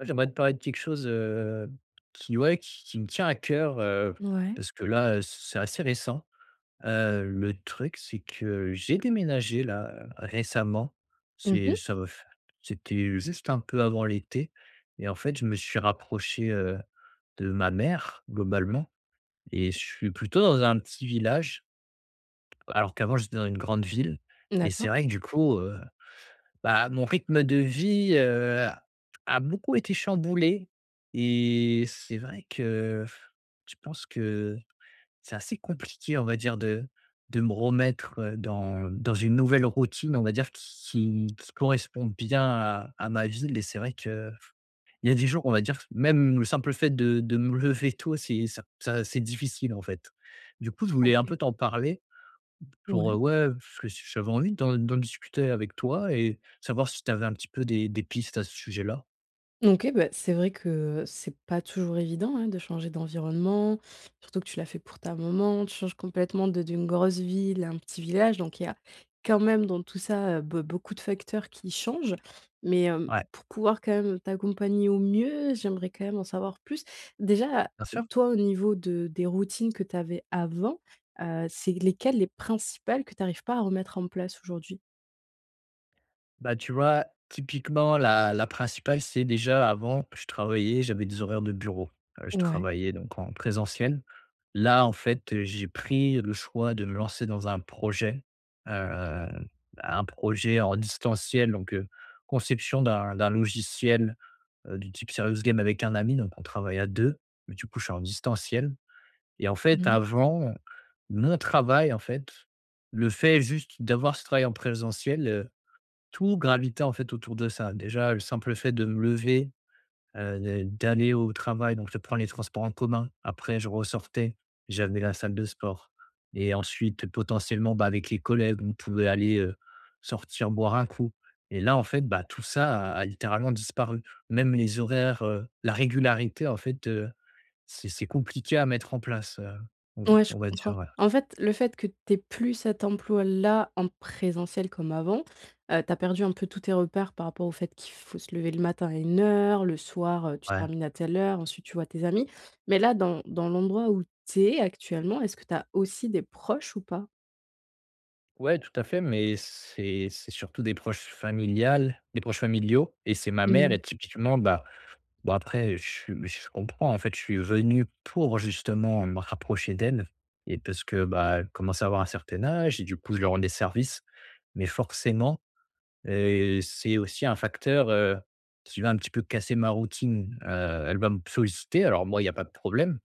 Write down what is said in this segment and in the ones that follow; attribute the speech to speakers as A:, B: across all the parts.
A: J'aimerais te parler de quelque chose, heu, qui, ouais, qui qui me tient à cœur, heu,
B: Mouais.
A: parce que là heu, c c'est assez récent. Heu, le truc, c'est que j'ai déménagé, là, récemment.
B: Mmh
A: C'est
B: mh.
A: ça va f c'était juste un peu avant l'été et en fait, je me suis rapproché, heu, de ma mère, globalement et je suis plutôt dans un petit village. Alors qu'avant, j'étais dans une grande ville et
B: D'accord.
A: c'est vrai que du coup, heu, bah, mon rythme de vie, heu, a -a beaucoup été chamboulé et c'est vrai que, pff, je pense que c'est assez compliqué, on va dire, de de me remettre, heu, dans dans une nouvelle routine, on va dire, qui qui qui correspond bien à à ma ville. Et c'est vrai qu'il y a des jours, on va dire, même le simple fait de de me lever tôt, c'est ça ça c'est difficile, en fait. Du coup, je voulais un
B: OK.
A: peu t'en parler. Pour, heu,
B: Ouais.
A: ouais, heu, parce que ch j'avais envie d'en d'en discuter avec toi et savoir si tu avais un petit peu des des pistes à ce sujet-là?
B: OK, bah, c'est vrai que c'est pas toujours évident, hein, de changer d'environnement, surtout que tu l'as fait pour ta maman. Tu changes complètement de d'une grosse ville à un petit village, donc il y a quand même, dans tout ça, heu, beau beaucoup de facteurs qui changent. Mais, hem,
A: Ouais.
B: pour pouvoir quand même t'accompagner au mieux, j'aimerais quand même en savoir plus. Déjà,
A: Bien sûr.
B: toi, au niveau de des routines que tu avais avant, heu, c'est lesquelles, les principales, que tu arrives pas à remettre en place aujourd'hui?
A: Bah, tu vois, typiquement la la principale c'est déjà, avant, je travaillais, j'avais des horaires de bureau, heu, je
B: Ouais.
A: travaillais donc en présentiel. Là, en fait, heu, j'ai pris le choix de me lancer dans un projet, hem, un projet en distanciel. Donc, heu, conception d'un d'un logiciel, heu, du type Serious Game avec un ami. Donc, on travaille à 2, mais du coup, je suis en distanciel et en fait,
B: Mmh.
A: avant mon travail, en fait, le fait juste d'avoir ce travail en présentiel, heu, tout gravitait, en fait, autour de ça. Déjà, le simple fait de me lever, heu, d'a d'aller au travail, donc je prends les transports en commun. Après, je ressortais, j'avais la salle de sport et ensuite, potentiellement, bah, avec les collègues, on pouvait aller, heu, sortir boire un coup et là, en fait, bah, tout ça a a littéralement disparu. Même les horaires, heu, la régularité, en fait, heu, c'est c'est compliqué à mettre en place, heu, on
B: Ouais, je
A: on va dire,
B: comprends.
A: voilà.
B: En fait, le fait que tu aies plus cet emploi-là en présentiel comme avant, heu, tu as perdu un peu tous tes repères par rapport au fait qu'il faut se lever le matin à une heure, le soir, heu, tu
A: Ouais.
B: termines à telle heure, ensuite, tu vois tes amis. Mais là, dans dans l'endroit où tu es actuellement, est-ce que tu as aussi des proches ou pas?
A: Ouais, tout à fait, mais c'est c'est surtout des proches familiales des proches familiaux et c'est ma mère et
B: Mmh.
A: typiquement, bah bah, après, je suis je comprends, en fait. Je suis venu pour justement me rapprocher d'elle et parce que, bah, elle commence à avoir un certain âge et du coup, je lui rends des services. Mais forcément, heu, c'est aussi un facteur, heu, si tu veux, un petit peu casser ma routine, heu, elle va me solliciter, alors moi, il y a pas de problème,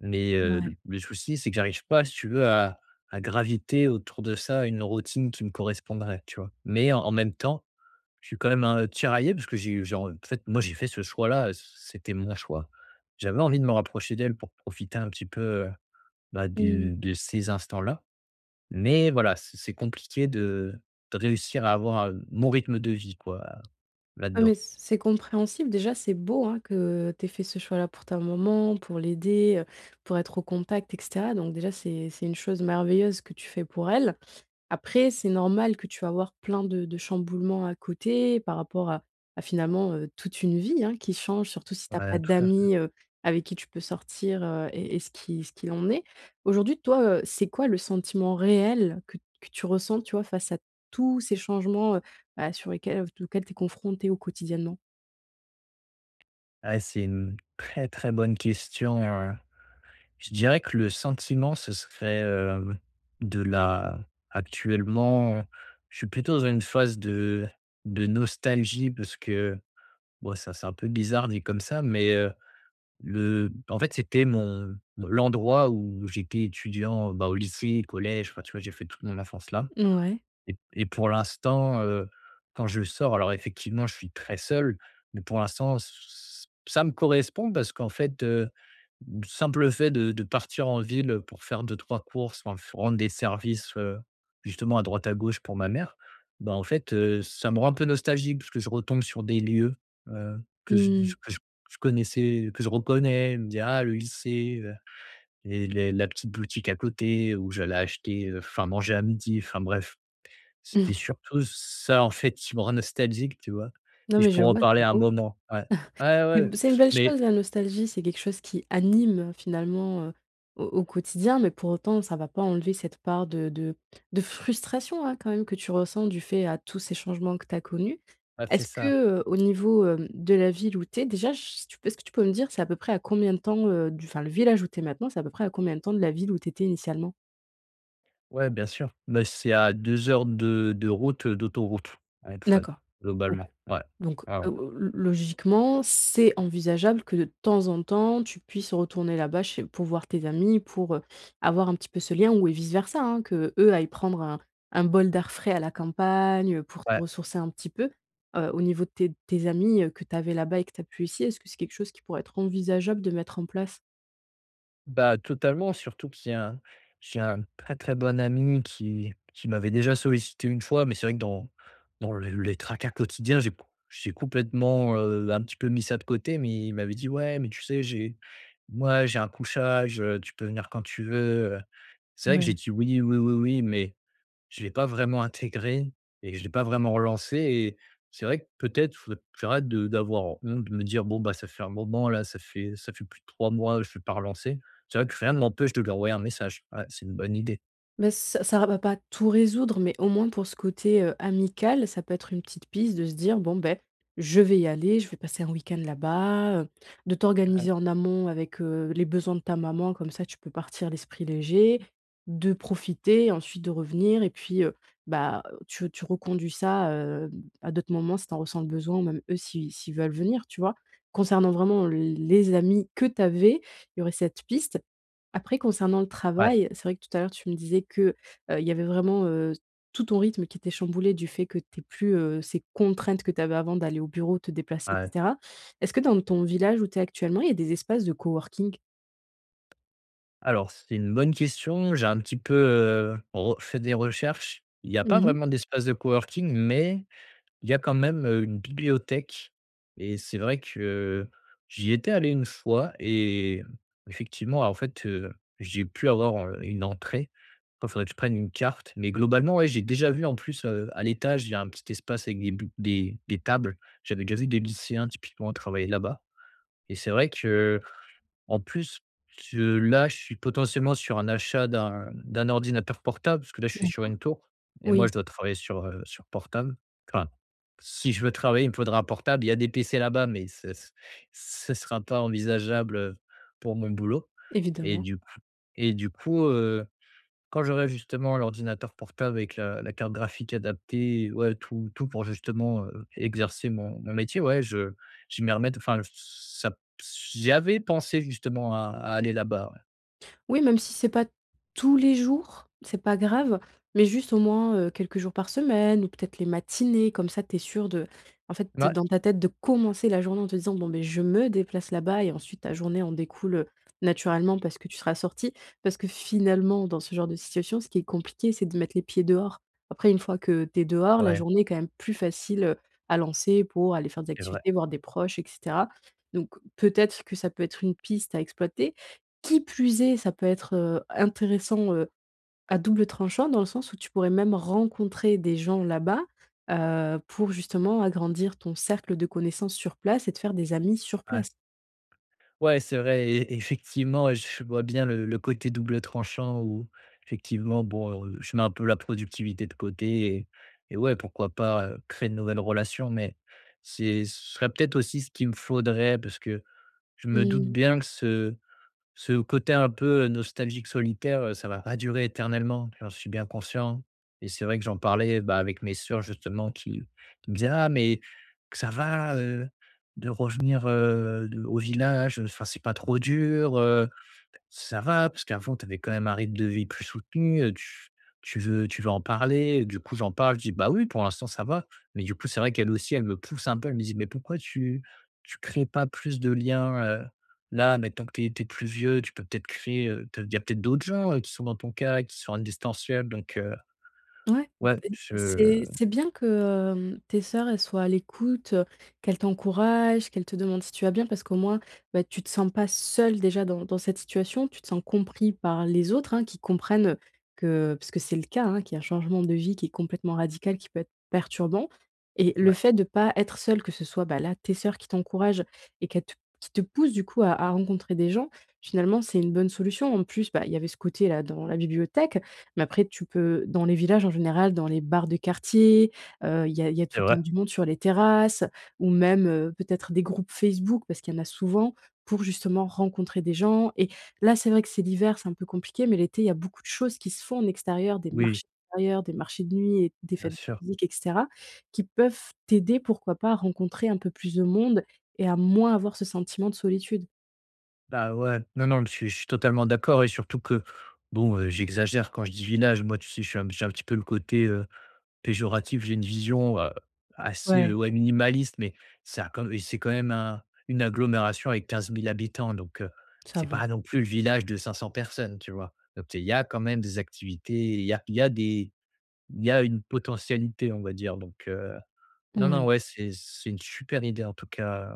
A: mais, heu,
B: Mouais.
A: le souci, c'est que j'arrive pas, si tu veux, à à graviter autour de ça une routine qui me correspondrait, tu vois? Mais en même temps, je suis quand même, heu, tiraillé parce que j'ai eu j'ai en fait, moi j'ai fait ce choix-là, heu, c c'était mon choix. J'avais envie de me rapprocher d'elle pour profiter un petit peu, heu, bah,
B: Mmh.
A: de de ces instants-là. Mais voilà, c c'est compliqué de de réussir à avoir, heu, mon rythme de vie, quoi,
B: Ah mais,
A: là-dedans.
B: c c'est compréhensible. Déjà, c'est beau, hein, que tu aies fait ce choix-là pour ta maman, pour l'aider, heu, pour être au contact et cetera. Donc déjà, c'est c'est une chose merveilleuse que tu fais pour elle. Après, c'est normal que tu vas avoir plein de de chamboulements à côté par rapport à à finalement, heu, toute une vie, hein, qui change, surtout si tu as pas
A: Ouais, tout à fait.
B: d'amis, heu, avec qui tu peux sortir, he, et et ce qui ce qu'il en est. Aujourd'hui toi, heu, c'est quoi le sentiment réel que t que tu ressens, tu vois, face à tous ces changements, heu, bah, sur lesquels, v auxquels tu es confronté au quotidiennement?
A: Eh, c'est une très, très bonne question, heu, je dirais que le sentiment ce serait, heu, de la actuellement, je suis plutôt dans une phase de de nostalgie parce que, bon ça c'est un peu bizarre dit comme ça, mais heu, le en fait c'était mon l'endroit où j'étais étudiant, bah au lycée, collège. Enfin tu vois j'ai fait toute mon enfance là
B: Mouais.
A: et et pour l'instant, heu, quand je sors, alors effectivement je suis très seul, mais pour l'instant, ç ç ça me correspond parce qu'en fait, heu, simple fait de de partir en ville, heu, pour faire 2-3 courses quand il faut rendre des services, heu, justement à droite à gauche pour ma mère, bah, en fait, heu, ça me rend un peu nostalgique. Parce que je retombe sur des lieux, heu, que je
B: Mmh
A: je
B: mh.
A: que je connaissais, que je reconnais, je me dit: «Ah le lycée, heu, et les la petite boutique à côté où j'allais acheter, heu, enfin manger à midi», enfin bref. C'était surtout ç ça en fait qui me rend nostalgique, tu vois? Et
B: Non,
A: je
B: mais je
A: pourrais en
B: vois,
A: parler
B: c'est
A: un
B: beau.
A: moment ouais. Ouais,
B: C'est
A: ouais,
B: c'est une belle
A: mais
B: chose la nostalgie, c'est quelque chose qui anime, heu, finalement, heu, au au quotidien, mais pour autant ça va pas enlever cette part de de de frustration, hein, quand même que tu ressens du fait à tous ces changements que tu as connus.
A: Ah c'est
B: Est-ce
A: ça.
B: que, heu, au niveau, hem, de la ville où tu es déjà, je sais pas si tu peux me dire, c'est à peu près à combien de temps, heu, du enfin le village où tu es maintenant, c'est à peu près à combien de temps de la ville où tu étais initialement?
A: Ouais bien sûr. Beh c'est à 2 heures de de route, heu, d'autoroute à etfel,
B: D'accord OK,
A: globalement, ouais.
B: donc
A: Ouais, ouais.
B: o lo logiquement c'est envisageable que de temps en temps tu puisses retourner là-bas chez pour voir tes amis, pour, heu, avoir un petit peu ce lien, ou et vice versa, hein, qu'eux aillent prendre un un bol d'air frais à la campagne, heu, pour se
A: Ouais.
B: ressourcer un petit peu. Heu, au niveau de tes de tes amis, heu, que tu avais là-bas et que tu as plus ici, est-ce que c'est quelque chose qui pourrait être envisageable de mettre en place?
A: Bah, totalement surtout qu'il y a un j'ai un très, très bon ami qui qui m'avait déjà sollicité une fois, mais c'est vrai que dans dans le les tracas quotidiens j'ai c j'ai complètement, heu, un petit peu mis ça de côté, mais il m'avait dit: «Ouais, mais tu sais j'ai moi j'ai un couchage, heu, tu peux venir quand tu veux, heu». C'est vrai que j'ai
B: Ouais.
A: dit: «Oui, oui oui oui» mais je l'ai pas vraiment intégré et je l'ai pas vraiment relancé et c'est vrai que peut-être, faut d j'arrête de d'avoir honte, de me dire: «Bon bah, ça fait un moment là, ça fait ça fait plus de 3 mois je l'ai pas relancé». C'est vrai que rien m'empêche de lui envoyer un message, ouais, c'est une bonne idée.
B: Mais, ç ça ra va pas tout résoudre mais au moins pour ce côté, heu, amical, ça peut être une petite piste de se dire: «Bon beh, je vais y aller, je vais passer un week-end là-bas», heu, de
A: Ah, heu
B: t'organiser en amont avec, heu, les besoins de ta maman comme ça tu peux partir l'esprit léger. De profiter, ensuite de revenir et puis, heu, bah, tu tu reconduis ça, heu, à d'autres moments si tu en ressens le besoin ou même eux si si ils veulent venir, tu vois? Concernant vraiment l les amis que tu avais, il y aurait cette piste. Après concernant le
A: Ouais.
B: travail, c'est vrai que tout à l'heure tu me disais que, heu, il y avait vraiment, heu, tout ton rythme qui était chamboulé du fait que tu aies plus, heu, ces contraintes que tu avais avant d'aller au bureau, te déplacer et
A: Ouais.
B: cetera. Est-ce que dans ton village où tu es actuellement il y a des espaces de coworking?
A: Alors c'est une bonne question. J'ai un petit peu, heu, re fait des recherches. Il y a pas
B: Mmh mh.
A: vraiment d'espace de coworking mais il y a quand même, heu, une bibliothèque et c'est vrai que, j'y étais allé une fois et effectivement en fait, heu, j'ai pu avoir, heu, une entrée. Oh faudrait que je prenne une carte, mais globalement ouais, j'ai déjà vu en plus, heu, à l'étage, il y a un petit espace avec des bu des des tables. J'avais déjà vu des lycéens typiquement travailler là-bas et c'est vrai que, en plus, je là je suis potentiellement sur un achat d'un d'un ordinateur portable parce que là je suis sur
B: D'accord.
A: une tour et moi je
B: Oui.
A: dois travailler sur, heu, sur portable. Enfin si je veux travailler il me faudra un portable. Il y a des PC là-bas, mais ce s ce sera pas envisageable, heu, pour mon boulot et
B: Évidemment.
A: du coup et du coup, heu, quand j'aurai justement l'ordinateur portable avec la la carte graphique adaptée, ouais tout tout pour justement, heu, exercer mon mon métier, ouais je je vais m'y remette enfin j ç ça p s j'y avais pensé justement à à aller là-bas, ouais.
B: Oui, même si c'est pas tous les jours, c'est pas grave mais juste, au moins, heu, quelques jours par semaine ou peut-être les matinées comme ça tu es sûr de en fait,
A: Mouais.
B: dans ta tête de commencer la journée en te disant: «Bon, beh, je me déplace là-bas» et ensuite ta journée en découle, heu, naturellement parce que tu seras sorti, parce que finalement, dans ce genre de situation ce qui est compliqué c'est de mettre les pieds dehors. Après, une fois que tu es dehors, la
A: Ouais.
B: journée est quand même plus facile, heu, à lancer pour aller faire des
A: C'est vrai.
B: activités, voir des proches et cetera donc peut-être que ça peut être une piste à exploiter, qui plus est, ça peut être, heu, intéressant, heu, à double tranchant, dans le sens où tu pourrais même rencontrer des gens là-bas, heu, pour justement agrandir ton cercle de connaissances sur place et te faire des amis sur
A: Ouais.
B: place.
A: Ouais, c'est vrai et effectivement, j je vois bien le le côté double tranchant où, effectivement, bon, heu, je mets un peu la productivité de côté et et ouais, pourquoi pas, heu, créer de nouvelles relations mais c'est ce serait peut-être aussi ce qui me faudrait parce que je me doute
B: Mmh.
A: bien que ce ce côté un peu, heu, nostalgique solitaire, heu, ça va pas durer éternellement, j'en suis bien conscient et c'est vrai que j'en parlais, bah, avec mes sœurs, justement, qui qui me disaient: «Ah! Mais que ça va, heu, de revenir, heu, de au village, heu, enfin, c'est pas trop dur, heu? Ça va parce qu'avant tu avais quand même un rythme de vie plus soutenu, heu, tu tu veux tu veux en parler?» Du coup, j'en parle, je dis: «Bah, oui, pour l'instant ça va», mais du coup, c'est vrai qu'elles aussi elles me poussent un peu, elles me disent: «Mais pourquoi tu tu crées pas plus de liens, heu, là, maintenant que tu es tu es plus vieux, tu peux peut-être créer, heu, te il y a peut-être d'autres gens, heu, qui sont dans ton cas et qui sont en distanciel», donc heu,
B: Ouais,
A: ouais,
B: [unintelligible]
A: je
B: c'est c'est bien que, hem, tes sœurs, elles soient à l'écoute, heu, qu'elles t'encouragent, qu'elles te demandent si tu vas bien parce qu'au moins, beh, tu te sens pas seul, déjà, dans dans cette situation. Tu te sens compris par les autres, hein, qui comprennent que parce que c'est le cas, hein, qu'il y a un changement de vie qui est complètement radical, qui peut être perturbant et le
A: Ouais.
B: fait de pas être seul que ce soit, ben, là, tes sœurs qui t'encouragent et qu'elles te t qui te poussent du coup à à rencontrer des gens, finalement, c'est une bonne solution. En plus, bah, il y avait ce côté-là dans la bibliothèque mais après tu peux dans les villages en général, dans les bars de quartier, heu, il y a il y a
A: C'est
B: tout le temps
A: vrai.
B: du monde sur les terrasses ou même, heu, peut-être des groupes Facebook, parce qu'il y en a souvent pour, justement, rencontrer des gens et là, c'est vrai que c'est l'hiver, c'est un peu compliqué mais l'été il y a beaucoup choses qui se font en extérieur, des
A: Oui.
B: marchés d'extérieur, des marchés de nuit et des
A: Bien
B: fêtes
A: sûr.
B: de musique et cetera qui peuvent t'aider, pourquoi pas, à rencontrer un peu plus de monde et à moins avoir ce sentiment de solitude.
A: Bah, ouais, non, non, je suis je suis totalement d'accord et surtout que, bon, heu, j'exagère quand je dis village. Moi, tu sais? Je suis je suis un petit peu le côté, heu, péjoratif. J'ai une vision, heu, assez, heu,
B: Ouais.
A: ouais, minimaliste mais ça a quand m c'est quand même un une agglomération avec 15 000 habitants donc heu,
B: Ça
A: c'est
B: va.
A: pas non plus le village de 500 personnes, tu vois? Donc, il y a quand même des activités. Il y a il y a des il y a une potentialité, on va dire donc heu, non, non,
B: Mouais.
A: ouais, c'est c'est une super idée, en tout cas,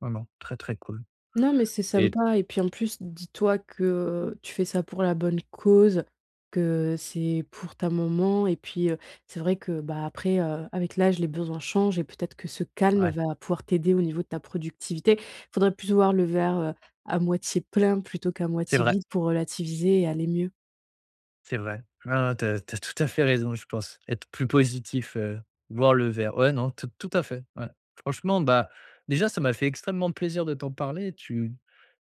A: vraiment très, très cool
B: Non, mais c'est
A: et
B: sympa et puis, en plus, dis-toi que tu fais ça pour la bonne cause, que c'est pour ta maman et puis, heu, c'est vrai que, bah, après, heu, avec l'âge, les besoins changent et peut-être que ce calme
A: Ouais.
B: va pouvoir t'aider au niveau de ta productivité. Faudrait plus voir le verre, heu, à moitié plein plutôt qu'à
A: C'est
B: moitié
A: vrai.
B: vide pour relativiser et aller mieux.
A: C'est vrai. Ouais, ouais. Tu as tu as tout à fait raison. Je pense être plus positif, heu, boire le verre, ouais, non, tout tout à fait, ouais. Franchement, bah, déjà ça m'a fait extrêmement plaisir de t'en parler. Tu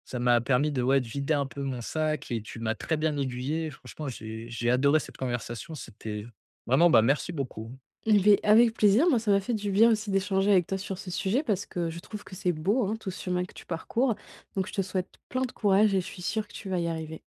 A: ça m'a permis de, ouais, de vider un peu mon sac et tu m'as très bien aiguillé franchement. J'ai j'ai adoré cette conversation. C'était vraiment, bah, merci beaucoup.
B: Beh avec plaisir. Moi, ça m'a fait du bien aussi d'échanger avec toi sur ce sujet parce que je trouve que c'est beau, hein, tout ce chemin que tu parcours, donc je te souhaite plein de courage et je suis sûr que tu vas y arriver.